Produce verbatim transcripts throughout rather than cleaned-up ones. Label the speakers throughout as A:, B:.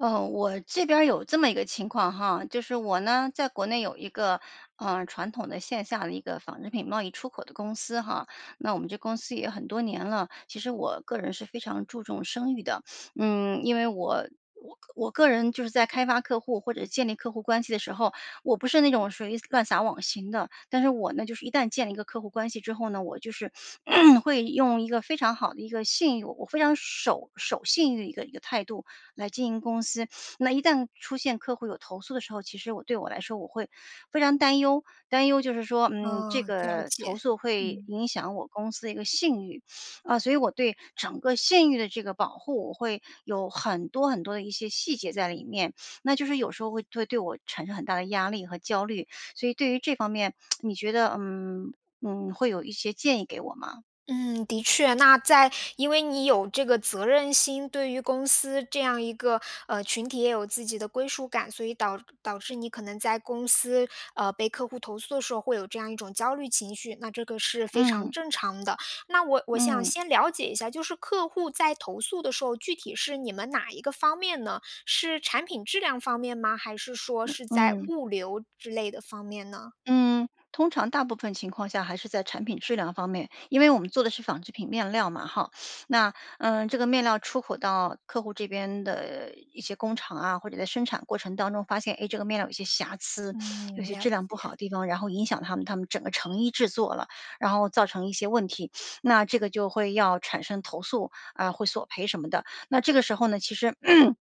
A: 呃，我这边儿有这么一个情况哈。就是我呢，在国内有一个，呃，传统的，线下的，一个纺织品贸易出口的公司哈。那我们这公司也很多年了其实我个人是非常注重声誉的。嗯，因为我我我个人就是在开发客户，或者是建立客户关系的时候，我不是那种属于乱撒网型的。但是我呢，就是一旦建立一个客户关系之后呢，我就是 会用一个非常好的一个信誉我非常守守信誉的一个一个态度来经营公司。那一旦出现客户有投诉的时候，其实我对我来说，我会非常担忧。担忧就是说，嗯，这
B: 呃，了
A: 个投
B: 解，
A: 诉会
B: 嗯。
A: 影响我公司的一个信誉。啊，所以我对整个信
B: [unintelligible]
A: 誉的这个保护我会有很多很多的一些细节在里面。那就是有时候会对我产生很大的压力和焦虑。所以对于这方面，你觉得嗯嗯会有一些建议给我吗？
B: 嗯，的确。那在因为你有这个责任心，对于公司这样一个，呃，群体也有自己的归属感，所以导导致你可能在公司，呃，被客户投诉的时候，会有这样一种焦虑情绪那这个是非常
A: 嗯。
B: 正常的。那我我想
A: 嗯。
B: 先了解一下，就是客户在投诉的时候，具体是你们哪一个方面呢？是产品质量方面吗，还是说是在
A: 嗯。
B: 物流之类的方面呢？
A: 嗯，通常大部分情况下，还是在产品质量方面。因为我们做的是纺织品面料嘛，哈。那呃，这个面料出口到客户这边的，一些工厂啊，或者在生产过程当中发现哎，这个面料有些瑕疵、有
B: 嗯，
A: 些
B: 了
A: 质量不好
B: 解。
A: 的地方，然后影响他们他们整个成衣制作了。然后造成一些问题 那这个就会要产生投诉，啊，会索赔什么的。那这个时候呢，其实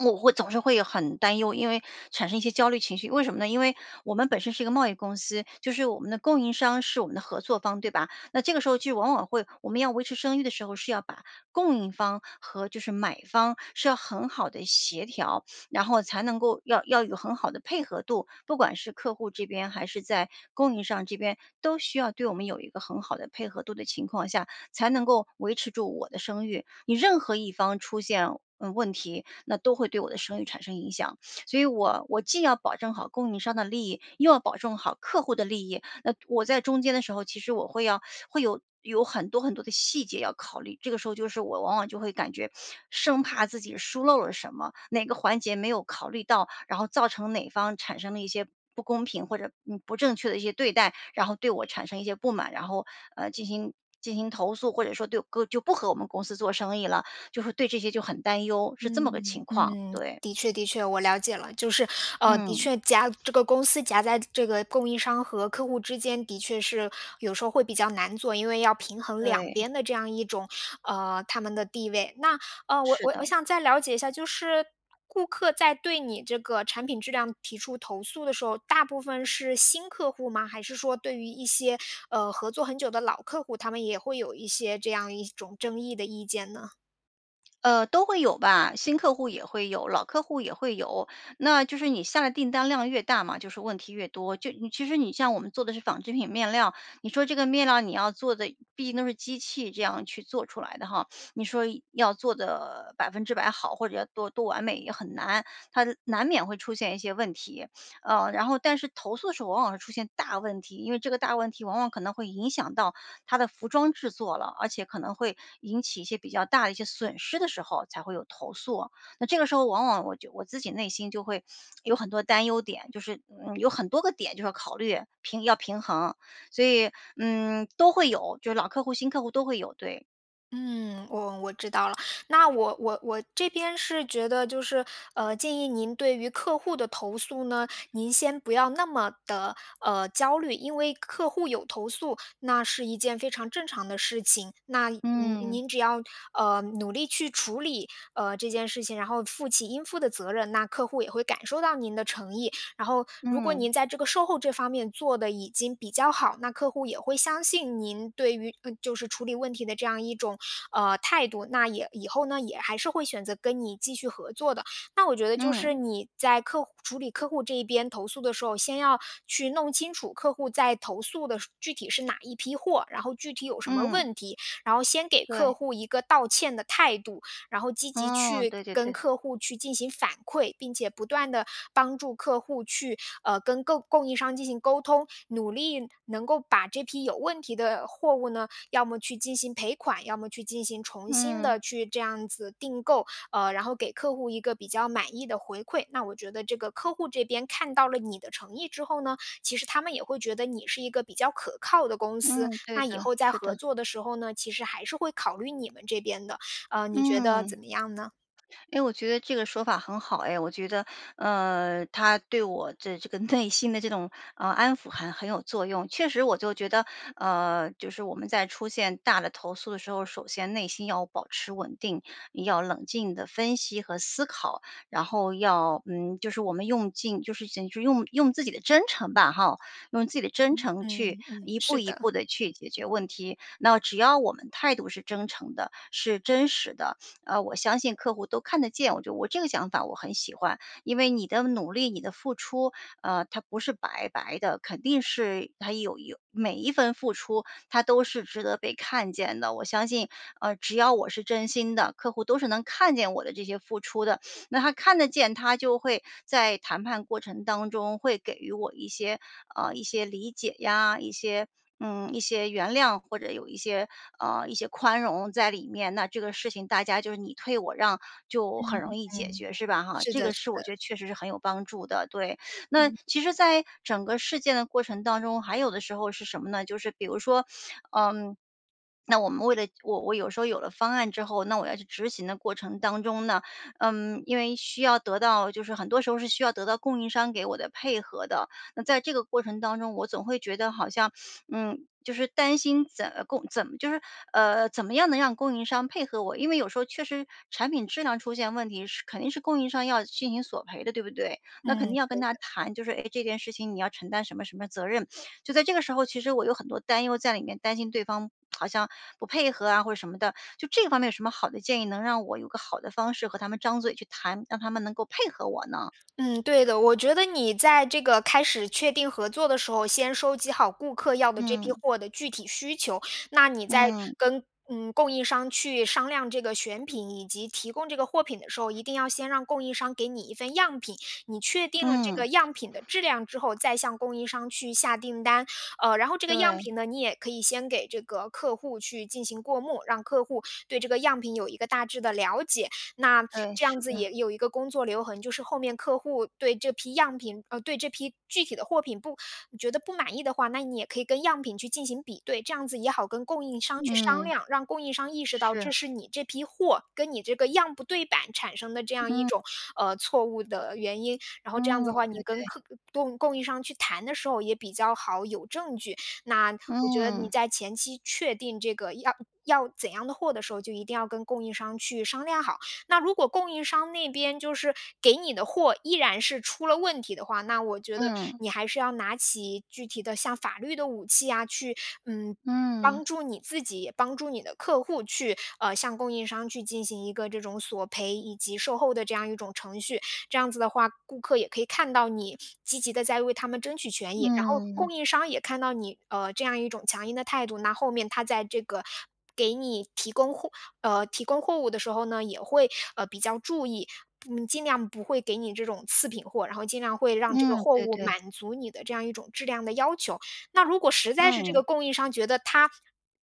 A: 我会总是会很担忧，因为产生一些焦虑情绪。为什么呢？因为我们本身是一个贸易公司，就是我们的供应商是我们的合作方，对吧？那这个时候就往往会我们要维持声誉的时候，是要把供应方和就是买方，是要很好地协调，然后才能够要要有很好的配合度。不管是客户这边，还是在供应商这边，都需要对我们有一个很好的配合度的情况下，才能够维持住我的声誉。你任何一方出现，嗯，问题，那都会对我的声誉产生影响。所以我我既要保证好供应商的利益，又要保证好客户的利益。那我在中间的时候，其实我会要会有有很多很多的细节要考虑，这个时候就是我往往就会感觉 生怕自己疏漏了什么，哪个环节没有考虑到，然后造成哪方产生了一些不公平，或者，嗯，不正确的一些对待。然后对我产生一些不满，然后，呃，进行进行投诉。或者说对，就不和我们公司做生意了就是对这些就很担忧，是
B: 嗯
A: 这么个情况，
B: 嗯，
A: 对。
B: 的确的确，我了解了。就是，呃，的
A: 嗯。
B: 确夹这个公司夹在这个供应商和客户之间，的确是有时候会比较难做，因为要平衡两
A: 对。
B: 边的这样一种呃，他们的地位。那，呃，我
A: 是
B: 我我
A: 的。
B: 想再了解一下，就是顾客在对你这个产品质量提出投诉的时候，大部分是新客户吗？还是说对于一些，呃，合作很久的老客户，他们也会有一些这样一种争议的意见呢？
A: 呃，都会有吧，新客户也会有、老客户也会有。那就是你下的订单量越大嘛，就是问题越多。就其实你像我们做的是纺织品面料，你说这个面料你要做得毕竟都是机器这样去做出来的哈，你说要做得百分之百好，或者要多多完美也很难，它难免会出现一些问题。呃，然后但是投诉的时候往往会出现大问题，因为这个大问题往往可能会影响到它的服装制作了，而且可能会引起一些比较大的一些损失的时候才会有投诉。那这个时候往往我就我自己内心就会，有很多担忧点，就是，嗯，有很多个点就是要考虑，平要平衡。所以，嗯，都会有，就是老客户、新客户都会有。对。
B: 嗯，我我知道了。那我我我这边是觉得就是呃，建议您对于客户的投诉呢，您先不要那么地，呃，焦虑。因为客户有投诉，那是一件非常正常的事情。那您
A: 嗯。
B: 您只要，呃，努力去处理，呃，这件事情，然后负起应负的责任，那客户也会感受到您的诚意。然后，如果
A: 嗯。
B: 您在这个售后这方面做得已经比较好，那客户也会相信您，对于嗯，就是处理问题的这样一种，呃，态度，那也以后呢，也还是会选择跟你继续合作的。那我觉得就是
A: 嗯。
B: 你在客户处理客户这一边投诉的时候，先要去弄清楚客户在投诉的是具体是哪一批货，然后具体有什么
A: 嗯。
B: 问题，然后先给客
A: 对。
B: 户一个道歉的态度。然后积极
A: 哦，
B: 去
A: 对对
B: 跟
A: 对。
B: 客户去进行反馈，并且不断地帮助客户去，呃，跟购供应商进行沟通，努力能够把这批有问题的货物呢，要么去进行赔款，要么去进行重新
A: 嗯。
B: 地去这样子订购，呃，然后给客户一个比较满意的回馈。那我觉得这个客户这边看到了你的诚意之后呢，其实他们也会觉得你是一个比较可靠的公司，
A: 嗯，对
B: 那以
A: 的，
B: 后在
A: 是的。
B: 合作的时候呢，其实还是会考虑你们这边的。呃，你觉得
A: 嗯，
B: 怎么样呢？
A: 诶，我觉得这个说法很好哎，我觉得，呃，它对我的这个内心的这种安抚很很有作用。确实我就觉得，呃，就是我们在出现大的投诉的时候，首先内心要保持稳定，要冷静地分析和思考。然后要嗯，就是我们用尽，就是讲用用自己的真诚吧，吼，用自己的真
B: 嗯，
A: 诚
B: 嗯
A: 去
B: 嗯，
A: 一步
B: 是
A: 一
B: 的。
A: 步地去解决问题。那只要我们态度是真诚的，是真实的，呃，我相信客户都看得见。我觉得我这个想法我很喜欢。因为你的努力、你的付出，呃，它不是白白的，肯定是它有有每一份付出，它都是值得被看见的。我相信，呃，只要我是真心的，客户都是能看见我的这些付出的。那他看得见，他就会在谈判过程当中会给予我一些呃，一些理解呀，一些嗯，一些原谅，或者有一些呃，一些宽容在里面。那这个事情大家就是，你退我让，就
B: 嗯
A: 很容易解
B: 嗯，
A: 决，是吧哈。
B: 是
A: 这
B: 的
A: 个
B: 是
A: 是我
B: 的。
A: 觉得确实是很有帮助的，对。那
B: 嗯。
A: 其实在整个事件的过程当中，还有的时候是什么呢？就是比如说，嗯，那我们为了我我有时候，有了方案之后，那我要去执行的过程当中呢，呃，因为需要得到就是很多时候是需要得到供应商给我的配合的。那在这个过程当中，我总会觉得好像，嗯，就是担心怎么供怎么就是呃，怎么样能让供应商配合我。因为有时候确实，产品质量出现问题是肯定是供应商要进行索赔的，对不对？那
B: 嗯，
A: 肯定要
B: 对
A: 跟
B: 的。
A: 他
B: 嗯。
A: 谈，就是：“哎，这件事情你要承担什么什么责任。” 就在这个时候，其实我有很多担忧在里面，担心对方，好像不配合啊，或者什么的，就这方面有什么好的建议，能让我有个好的方式和他们张嘴去谈，让他们能够配合我呢？
B: 嗯，对的。我觉得你在这个开始确定合作的时候，先收集好顾客要的这批
A: 嗯。
B: 货的具体需求。那你在
A: 嗯。
B: 跟嗯，供应商去商量这个选品，以及提供这个货品的时候，一定要先让供应商给你一份样品。你确定了这
A: 嗯。
B: 个样品的质量之后，再向供应商去下订单。呃，然后这个样
A: 对。
B: 品呢，你也可以先给这个客户去进行过目，让客户对这个样品有一个大致地了解。那
A: 对，
B: 这样
A: 是
B: 子也
A: 的。
B: 有一个工作留痕，就是后面客户对这批样品呃，对这批具体的货品不你觉得不满意的话，那你也可以跟样品去进行比对，这样子也好跟供应商去商
A: 嗯。
B: 量，让供应商意识到
A: 是。
B: 这是你这批货，跟你这个样不对板产生的这样一
A: 嗯。
B: 种，呃，错误的原因。然后这样子
A: 嗯，
B: 的话，
A: 对
B: 你跟
A: 对。
B: 客供供应商去谈的时候也比较好有证据。那我觉得你
A: 嗯。
B: 在前期确定这个要要怎样的货的时候，就一定要跟供应商去商量好。那如果供应商那边就是给你的货依然是出了问题的话，那我觉得
A: 嗯。
B: 你还是要拿起具体的像法律的武器啊，去嗯，
A: 嗯。
B: 帮助你自己，也帮助你的客户去呃，向供应商去进行一个这种索赔，以及售后的这样一种程序。这样子的话，顾客也可以看到你积极地在为他们争取权益。然后
A: 嗯。
B: 供应商也看到你，呃，这样一种强硬的态度，那后面他在这个给你提供货呃，提供货物的时候呢，也会，呃，比较注意，嗯，不尽量不会给你这种次品货，然后尽量会让这个
A: 嗯，
B: 货
A: 对
B: 物
A: 对。
B: 满足你的这样一种质量的要求。那如果实在是这
A: 嗯。
B: 个供应商觉得他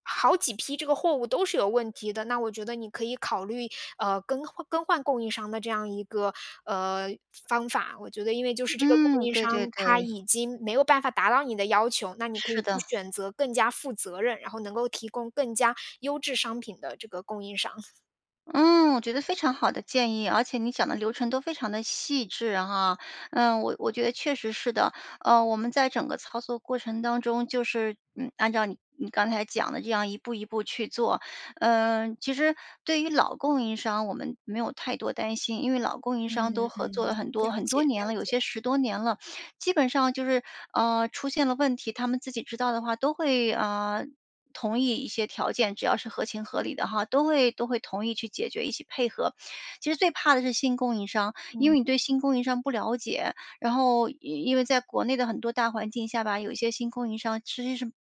B: 好几批这个货物都是有问题的，那我觉得你可以考虑，呃，更换更换供应商的这样一个，呃，方法。我觉得因为就是这个供
A: 嗯，
B: 应
A: 对
B: 商，
A: 对
B: 他
A: 对。
B: 已经没有办法达到你的要求，那你可
A: 是
B: 以去
A: 的。
B: 选择更加负责任，然后能够提供更加优质商品的这个供应商。
A: 嗯，我觉得非常好的建议，而且你讲的流程都非常地细致，哈。呃，我我觉得确实是的，呃，我们在整个操作过程当中，就是，嗯，按照你你刚才讲的这样一步一步去做。呃，其实对于老供应商，我们没有太多担心，因为老供应
B: 嗯
A: 商都合作
B: 嗯，
A: 了很多
B: 了
A: 很
B: 解
A: 多
B: 了
A: 年了，有
B: 解。
A: 些十多年了，基本上就是，呃，出现了问题，它们自己知道的话都会，呃，同意一些条件，只要是合情合理的，哈，都会都会同意去解决，一起配合。其实最怕的是新供应商，因
B: 嗯。
A: 为你对新供应商不了解，然后因因为在国内的很多大环境下吧，有一些新供应商实际是，嗯，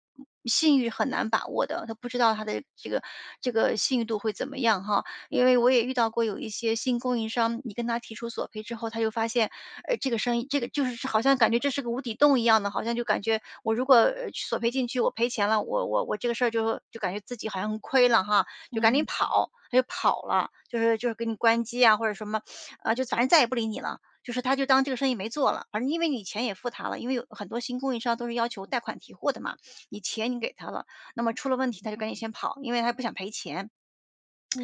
A: 信誉很难把握的，它不知道它的这个这个信誉度会怎么样哈。因为我也遇到过有一些新供应商，你跟它提出索赔之后，它就发现，呃，这个生意这个就是好像感觉这是个无底洞一样的，好像就感觉我如果，呃，索赔进去，我赔钱了，我我我这个事儿就就感觉自己好像很亏了，哈，就赶紧
B: 嗯。
A: 跑。它就跑了，就是就是给你关机啊，或者什么，啊，就反正再也不理你了，就是它就当这个生意没做了。反正因为你钱也付它了，因为有很多新供应商都是要求带款提货的嘛，你钱你给它了，那么出了问题，它就赶紧先跑，因为它不想赔钱。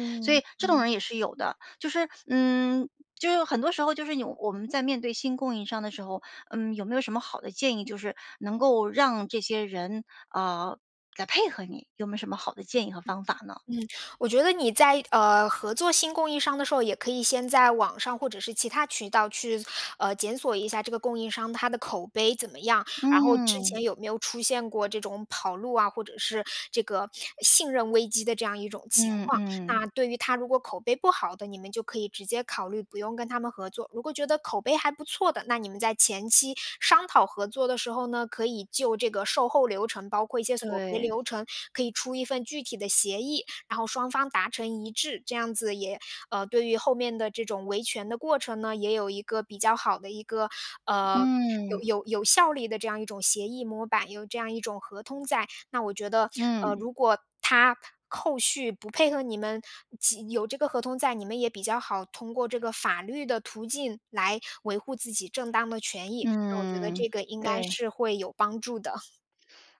A: 所以这种
B: 嗯。
A: 人也是有的。就是嗯，就是很多时候就是有我们在面对新供应商的时候，嗯，有没有什么好的建议就是能够让这些人，呃，来配合你？有没有什么好的建议和方法呢？
B: 嗯，我觉得你在，呃，合作新供应商的时候，也可以先在网上或者是其它渠道去，呃，检索一下这个供应商它的口碑怎么样，然后之
A: 嗯。
B: 前有没有出现过这种跑路啊，或者是这个信任危机的这样一种情
A: 嗯
B: 况。
A: 嗯。
B: 那对于它如果口碑不好的，你们就可以直接考虑不用跟它们合作。如果觉得口碑还不错的，那你们在前期商讨合作的时候呢，可以就这个售后流程，包括一些索赔
A: 对。
B: 流程，可以出一份具体的协议，然后双方达成一致。这样子也呃，对于后面的这种维权的过程呢，也有一个比较好的一个，呃，有
A: 嗯。
B: 有有效力的这样一种协议模板，有这样一种合同在。那我觉得，呃，
A: 嗯。
B: 如果它后续不配合你们，即有这个合同在，你们也比较好通过这个法律的途径来维护自己正当的权益，那我觉得
A: 嗯，
B: 这个应该
A: 对。
B: 是会有帮助的。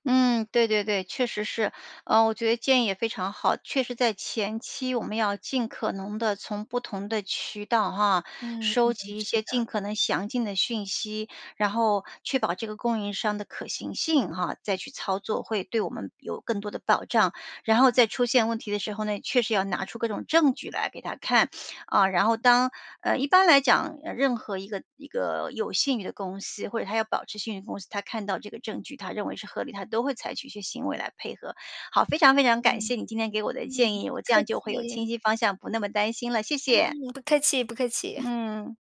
A: 嗯，对对对，确实是。呃，我觉得建议也非常好，确实在前期我们要尽可能地从不同的渠道，啊，
B: 嗯
A: 收
B: 嗯，
A: 集一
B: 是
A: 些尽
B: 的。
A: 可能详尽的讯息，然后确保这个供应商的可行性，哈，再去操作，会对我们有更多的保障。然后在出现问题的时候呢，也确实要拿出各种证据来给它看，啊，然后当呃，一般来讲，呃，任何一个一个有信誉的公司，或者它要保持信誉公司，它看到这个证据，它认为是合理，它都会采取一些行为来配合。好，非常非常感谢
B: 嗯，
A: 你今天给我的
B: 嗯，
A: 建
B: 不
A: 议，我这
B: 客
A: 样就会有
B: 气。
A: 清晰方向，不那么担心了，谢谢。
B: 嗯，不客气不客气。
A: 嗯。